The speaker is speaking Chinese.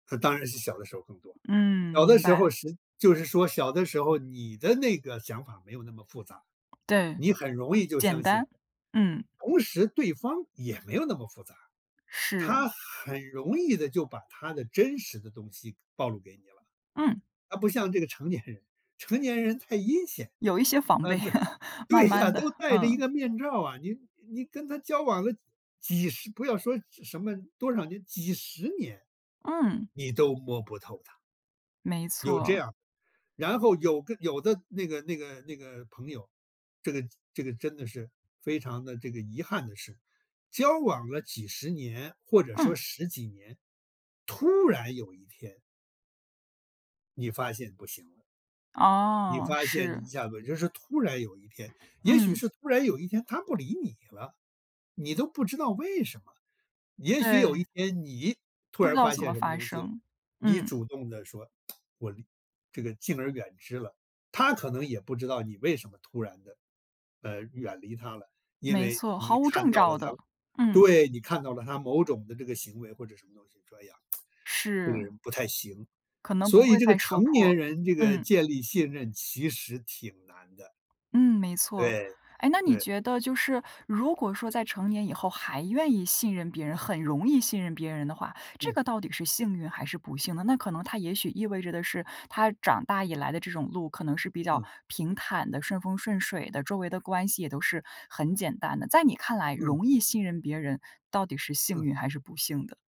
嗯，当然是小的时候更多。嗯，小的明时候白。是就是说小的时候，你的那个想法没有那么复杂，对。你很容易就简相信。单。嗯。同时对方也没有那么复杂，是。他很容易地就把他的真实的东西暴露给你了。嗯。啊，不像这个成年人，成年人太阴险有一些防啊备，对，慢对呀，慢地，都戴着一嗯。个面罩啊，你你跟他交往了，几十不要说什么多少年几十年，嗯。你都摸不透他。没有这错。样，然后有个有的那个那个那个朋友，这个这个真的是非常地这个遗憾的是，交往了几十年或者说嗯。10几年，突然有一天你发现不行了。你哦，发现你是。一下子就是突然有一天也许嗯。是突然有一天他不理你了，你都不知道为什么。也许有一唉。天你，突不知然道发怎么现什么发东西了，生。你嗯。主动地说：“我离这个敬而远之了。”他可能也不知道你为什么突然地，呃，远离他了。因没为错，毫你无看症到了兆他的。嗯。对，你看到了他某种的这个行为或者什么东西这样，“这个是。人不太行”。可能不所以会这个再说成破，年人这个嗯。建立信任其实挺难的。嗯，没错。对，诶，那你对。觉得就是如果说在成年以后还愿意信任别人，很容易信任别人的话，这嗯。个到底是幸运还是不幸呢？那可能他也许意味着的是，他长大以来的这种路可能是比较嗯。平坦的、顺风顺水的，周围的关系也都是很简单的。在你看来，嗯。容易信任别人到底是幸嗯。运还是不幸的？